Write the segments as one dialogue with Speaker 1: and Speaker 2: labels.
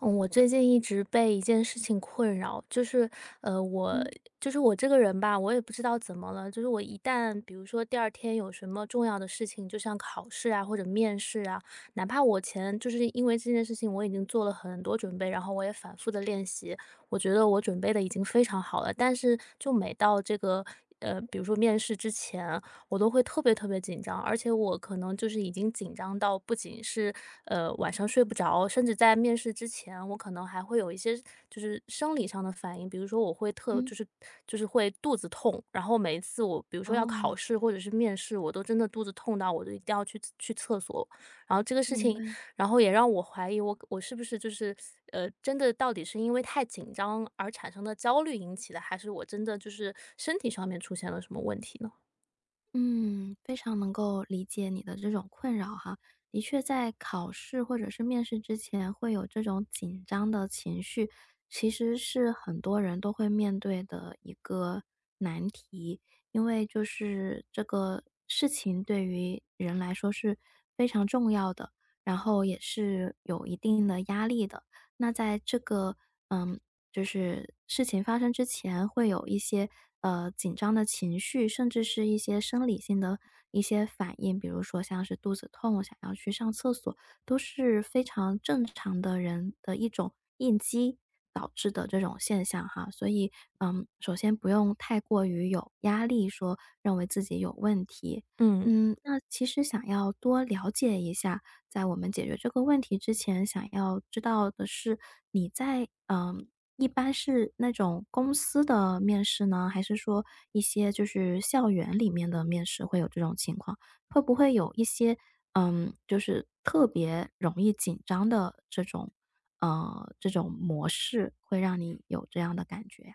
Speaker 1: 嗯，我最近一直被一件事情困扰，就是，呃，我
Speaker 2: 嗯。
Speaker 1: 我这个人吧，我也不知道怎么了，就是我一旦比如说第2天有什么重要的事情，就像考试啊，或者面试啊，哪怕我前就是因为这件事情我已经做了很多准备，然后我也反复地练习，我觉得我准备得已经非常好了，但是就每到这个呃，比如说面试之前，我都会特别特别紧张。而且我可能就是已经紧张到不仅是，呃，晚上睡不着，甚至在面试之前，我可能还会有一些就是生理上的反应。比如说我会特
Speaker 2: 嗯。
Speaker 1: 就是就是会肚子痛，然后每一次我比如说要
Speaker 2: 哦。
Speaker 1: 考试或者是面试，我都真的肚子痛到我都一定要去去厕所。然后这个事
Speaker 2: 明
Speaker 1: 情
Speaker 2: 白。
Speaker 1: 然后也让我怀疑我我是不是就是呃，真的，到底是因为太紧张而产生的焦虑引起的，还是我真的就是身体上面出现了什么问题呢？
Speaker 2: 嗯，非常能够理解你的这种困扰哈，的确在考试或者是面试之前会有这种紧张的情绪，其实是很多人都会面对的一个难题，因为就是这个事情对于人来说是非常重要的，然后也是有一定的压力的。那在这个呃，就是事情发生之前会有一些，呃，紧张的情绪，甚至是一些生理性的一些反应，比如说像是肚子痛想要去上厕所，都是非常正常的人的一种应激导致的这种现象哈。所以，嗯，首先不用太过于有压力说认为自己有问题。
Speaker 1: 嗯。
Speaker 2: 嗯，那其实想要多了解一下在我们解决这个问题之前，想要知道的是你在呃，一般是那种公司的面试呢，还是说一些就是校园里面的面试会有这种情况，会不会有一些，嗯，就是特别容易紧张的这种嗯，这种模式会让你有这样的感觉呀？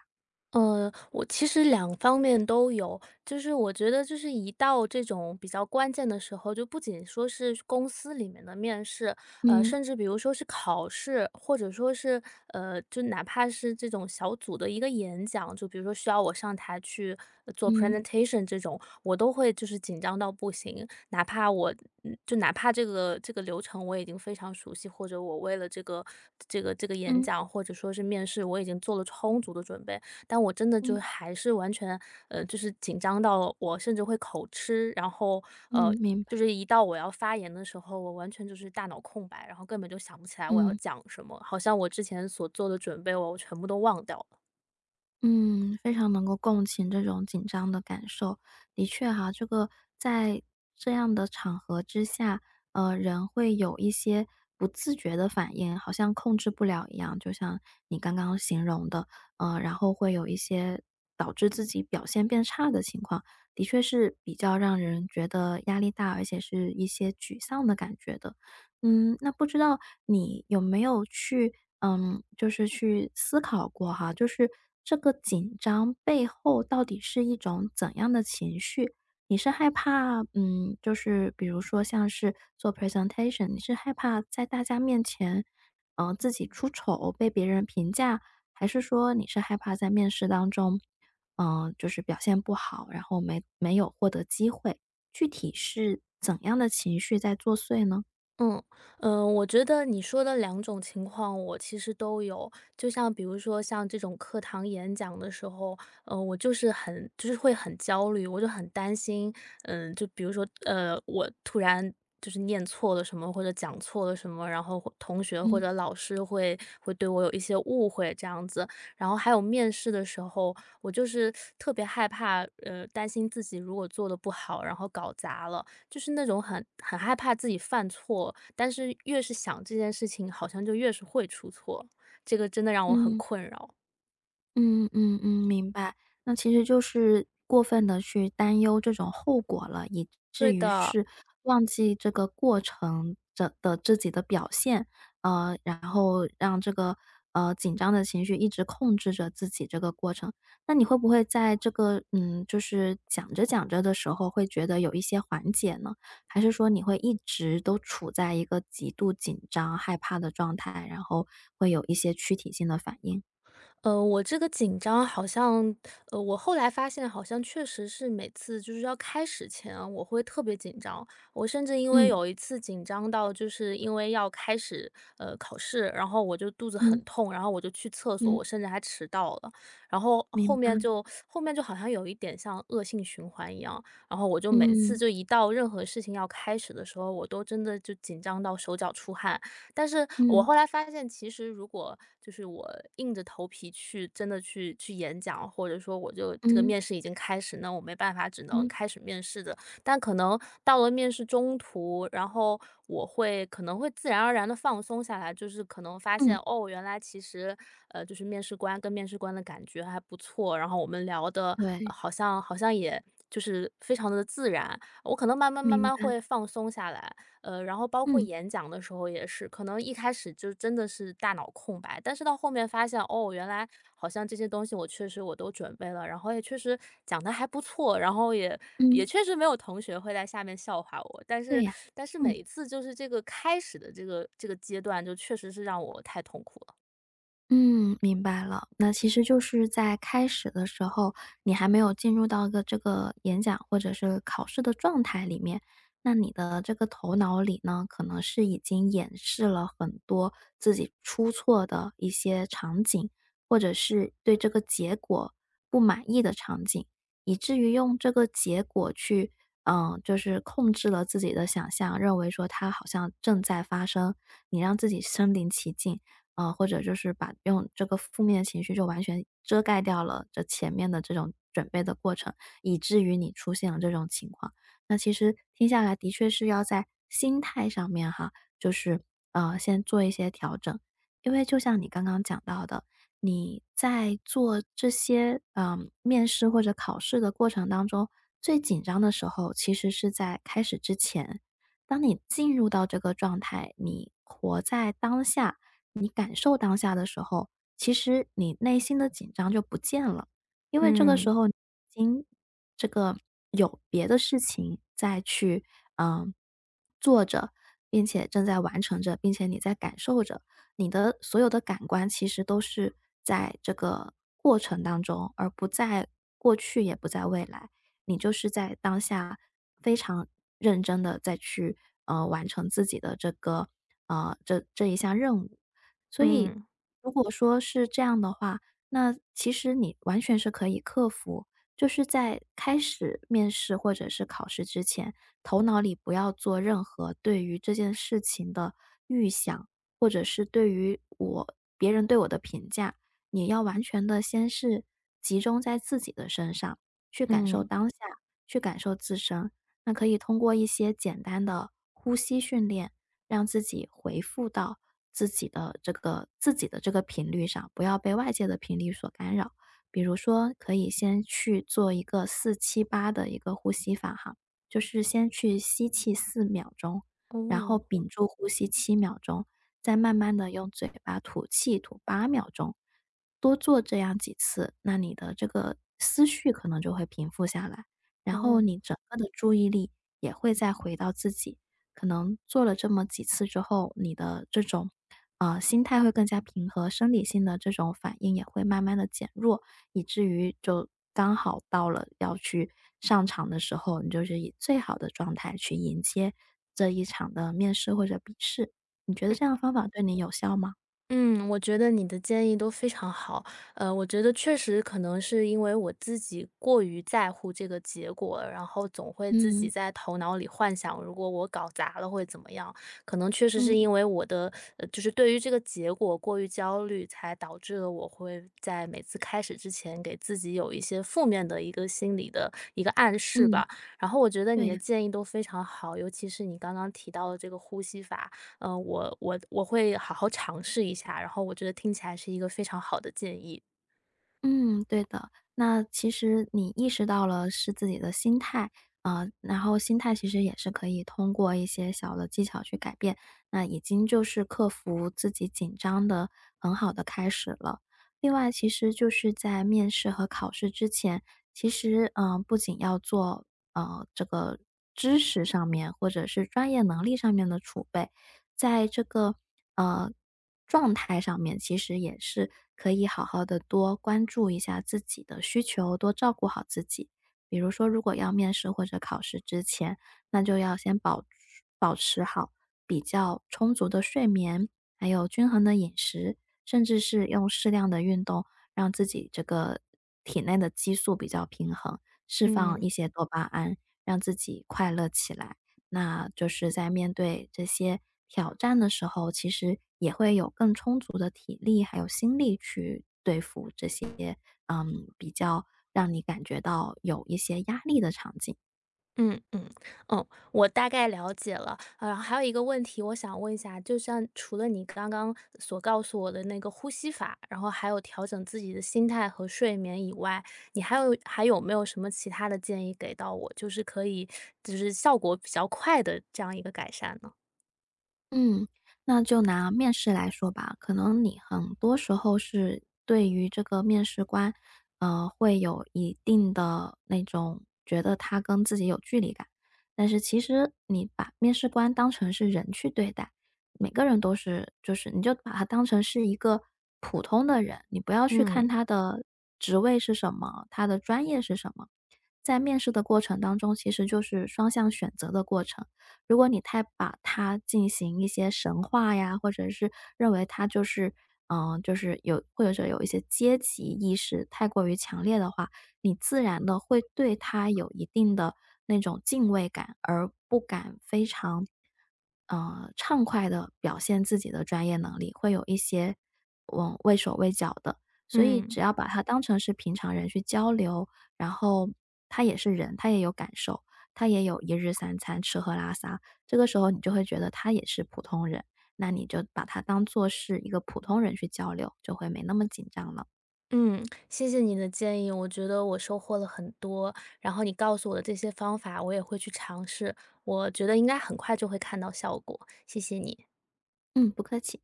Speaker 1: 呃，我其实两方面都有。就是我觉得就是一到这种比较关键的时候，就不仅说是公司里面的面试，呃，
Speaker 2: 嗯。
Speaker 1: 甚至比如说是考试，或者说是，呃，就哪怕是这种小组的一个演讲，就比如说需要我上台去做
Speaker 2: 嗯。
Speaker 1: presentation 这种，我都会就是紧张到不行，哪怕我嗯嗯，就哪怕这个这个流程我已经非常熟悉，或者我为了这个这个这个演
Speaker 2: 嗯。
Speaker 1: 讲或者说是面试，我已经做了充足的准备，但我真的就
Speaker 2: 嗯。
Speaker 1: 还是完全呃，就是紧张到我甚至会口吃，然后，呃，
Speaker 2: 嗯，
Speaker 1: 一
Speaker 2: 明
Speaker 1: 就
Speaker 2: 白。
Speaker 1: 是一到我要发言的时候，我完全就是大脑空白，然后根本就想不起来我要
Speaker 2: 嗯。
Speaker 1: 讲什么，好像我之前所做的准备我全部都忘掉了。
Speaker 2: 嗯，非常能够共情这种紧张的感受。的确啊，这个在这样的场合之下，呃，人会有一些不自觉的反应，好像控制不了一样，就像你刚刚形容的，呃，然后会有一些导致自己表现变差的情况，的确是比较让人觉得压力大，而且是一些沮丧的感觉的。嗯，那不知道你有没有去呃，就是去思考过哈，就是，这个紧张背后到底是一种怎样的情绪，你是害怕嗯，就是比如说像是做 presentation，你是害怕在大家面前，呃，自己出丑，被别人评价？还是说你是害怕在面试当中呃，就是表现不好，然后没没有获得机会，具体是怎样的情绪在作祟呢？
Speaker 1: 嗯，呃，我觉得你说的两种情况，我其实都有。就像比如说像这种课堂演讲的时候，呃，我就是很就是会很焦虑，我就很担心，嗯，就比如说，呃，我突然就是念错了什么，或者讲错了什么，然后同学或
Speaker 2: 嗯。
Speaker 1: 者老师，会会对我有一些误会这样子。然后还有面试的时候，我就是 特别害怕，呃，担心自己如果做得不好，然后搞砸了，就是那种很很害怕自己犯错，但是越是想这件事情，好像就越是会出错。这个真的让我很
Speaker 2: 嗯。
Speaker 1: 困扰。
Speaker 2: 嗯嗯嗯，明白。那其实就是过分地去担忧这种后果了，以
Speaker 1: 对
Speaker 2: 至于
Speaker 1: 的。
Speaker 2: 是忘记这个过程着的自己的表现，呃，然后让这个，呃，紧张的情绪一直控制着自己这个过程。那你会不会在这个，嗯，就是讲着讲着的时候会觉得有一些缓解呢，还是说你会一直都处在一个极度紧张、害怕的状态，然后会有一些躯体性的反应？
Speaker 1: 呃，我这个紧张，好像呃，我后来发现好像确实是每次就是要开始前啊，我会特别紧张。我甚至因为
Speaker 2: 嗯。
Speaker 1: 有一次紧张到，就是因为要开始，呃，考试，然后我就肚子很
Speaker 2: 嗯。
Speaker 1: 痛，然后我就去厕所，
Speaker 2: 嗯。
Speaker 1: 我甚至还迟到了。然后
Speaker 2: 明
Speaker 1: 后
Speaker 2: 白。
Speaker 1: 面就后面就好像有一点像恶性循环一样，然后我就每次
Speaker 2: 嗯。
Speaker 1: 就一到任何事情要开始的时候，我都真的就紧张到手脚出汗。但是我
Speaker 2: 嗯。
Speaker 1: 后来发现，其实如果，就是我硬着头皮去真的去去演讲，或者说我就这个
Speaker 2: 嗯。
Speaker 1: 面试已经开始，那我没办法只能
Speaker 2: 嗯。
Speaker 1: 开始面试着，但可能到了面试中途，然后，我会可能会自然而然地放松下来，就是可能发
Speaker 2: 嗯。
Speaker 1: 现，哦，原来其实，呃，就是面试官跟面试官的感觉还不错，然后我们聊得
Speaker 2: 对。
Speaker 1: 好像好像也就是非常地自然，我可能慢慢慢
Speaker 2: 明
Speaker 1: 慢
Speaker 2: 白。
Speaker 1: 会放松下来。呃，然后包括
Speaker 2: 嗯。
Speaker 1: 演讲的时候也是，可能一开始就真的是大脑空白，但是到后面发现，哦，原来，好像这些东西我确实我都准备了，然后也确实讲得还不错，然后也也
Speaker 2: 嗯。
Speaker 1: 确实没有同学会在下面笑话我。但
Speaker 2: 对
Speaker 1: 是，
Speaker 2: 呀，
Speaker 1: 但是每
Speaker 2: 嗯。
Speaker 1: 一次就是这个开始的这个这个阶段，就确实是让我太痛苦了。
Speaker 2: 嗯，明白了。那其实就是在开始的时候，你还没有进入到个这个演讲或者是考试的状态里面。那你的这个头脑里呢，可能是已经演示了很多，自己出错的一些场景，或者是对这个结果不满意的场景。以至于用这个结果去呃，就是控制了自己的想象，认为说它好像正在发生。你让自己身临其境，呃，或者就是把用这个负面情绪就完全遮盖掉了这前面的这种准备的过程，以至于你出现了这种情况。那其实听下来的确是要在心态上面哈，就是，呃，先做一些调整。因为就像你刚刚讲到的，你在做这些，呃，面试或者考试的过程当中，最紧张时候其实是在开始之前。当你进入到这个状态，你活在当下、你感受当下的时候，其实你内心的紧张就不见了。因为这个时
Speaker 1: 嗯。
Speaker 2: 候，已经，这个，有别的事情再去，呃，做着，并且正在完成着，并且你在感受着。你的所有的感官，其实都是在这个过程当中，而不在过去也不在未来。你就是在当下，非常认真的，在去，呃，完成自己的这个呃，这这一项任务。所以
Speaker 1: 嗯。
Speaker 2: 如果说是这样的话，那其实你完全是可以克服。就是在开始面试，或者是考试之前，头脑里不要做任何对于这件事情的预想。或者是对于我别人对我的评价。你要完全的先是集中在自己的身上，去感受
Speaker 1: 嗯。
Speaker 2: 当下，去感受自身。那可以通过一些简单的呼吸训练，让自己恢复到自己的这个自己的这个频率上，不要被外界的频率所干扰。比如说可以先去做一个478的一个呼吸法哈。就是先去吸气4秒钟，然后
Speaker 1: 哦。
Speaker 2: 屏住呼吸7秒钟，再慢慢的用嘴巴吐气吐8秒钟。多做这样几次，那你的这个思绪可能就会平复下来。然后
Speaker 1: 哦。
Speaker 2: 你整个的注意力也会再回到自己，可能做了这么几次之后，你的这种，呃，心态会更加平和，生理性的这种反应也会慢慢地减弱。以至于就刚好到了要去上场的时候，你就是以最好的状态去迎接，这一场的面试或者笔试。你觉得
Speaker 1: 嗯。
Speaker 2: 这样的方法对你有效吗？
Speaker 1: 嗯，我觉得你的建议都非常好。呃，我觉得确实可能是因为我自己过于在乎这个结果，然后总会自
Speaker 2: 嗯。
Speaker 1: 己在头脑里幻想，如果我搞砸了会怎么样。可能确实是
Speaker 2: 嗯。
Speaker 1: 因为我的就是对于这个结果过于焦虑，才导致了我会在每次开始之前，给自己有一些负面的一个心理的一个暗示
Speaker 2: 嗯。
Speaker 1: 吧。然后我觉得你的
Speaker 2: 对。
Speaker 1: 建议都非常好，尤其是你刚刚提到的这个呼吸法，呃，我我我会好好尝试一下，然后我觉得听起来是一个非常好的建议。
Speaker 2: 嗯，对的，那其实，你意识到了是自己的心态。呃，然后心态其实也是可以通过一些小的技巧去改变。那已经就是克服自己紧张的很好的开始了。另外其实就是在面试和考试之前，其实，呃，不仅要做，呃，这个知识上面，或者是专业能力上面的储备。在这个，呃，状态上面，其实也是可以好好的多关注一下自己的需求，多照顾好自己。比如说，如果要面试或者考试之前，那就要先保保持好比较充足的睡眠，还有均衡的饮食，甚至是用适量的运动，让自己这个体内的激素比较平衡。释放一
Speaker 1: 嗯。
Speaker 2: 些多巴胺，让自己快乐起来。那，就是在面对这些挑战的时候，其实也会有更充足的体力，还有心力去对付这些，呃，比较，让你感觉到有一些压力的场景。
Speaker 1: 嗯嗯，哦我大概了解了，呃，还有一个问题我想问一下，就像除了你刚刚所告诉我的那个呼吸法，然后还有调整自己的心态和睡眠以外，你还有还有没有什么其他的建议给到我，就是可以就是效果比较快的这样一个改善呢？
Speaker 2: 嗯，那就拿面试来说吧，可能你很多时候是对于这个面试官，呃，会有一定的那种觉得他跟自己有距离感，但是其实你把面试官当成是人去对待，每个人都是就是你就把他当成是一个普通的人，你不要去看
Speaker 1: 嗯。
Speaker 2: 他的职位是什么，他的专业是什么，在面试的过程当中其实就是双向选择的过程，如果你太把它进行一些神化呀，或者是，认为他就是就是有或者说有一些阶级意识太过于强烈的话，你自然地会对他有一定的那种敬畏感，而不敢非常，呃，畅快地表现自己的专业能力，会有一些，呃，畏手畏脚的。所以
Speaker 1: 嗯。
Speaker 2: 只要把他当成是平常人去交流，然后他也是人，他也有感受他，也有1日3餐，吃喝拉撒，这个时候你就会觉得他也是普通人，那你就把他当作是一个普通人去交流，就会没那么紧张了。
Speaker 1: 嗯，谢谢你的建议，我觉得我收获了很多，然后你告诉我的这些方法，我也会去尝试我觉得应该很快就会看到效果，谢谢你。
Speaker 2: 嗯，不客气。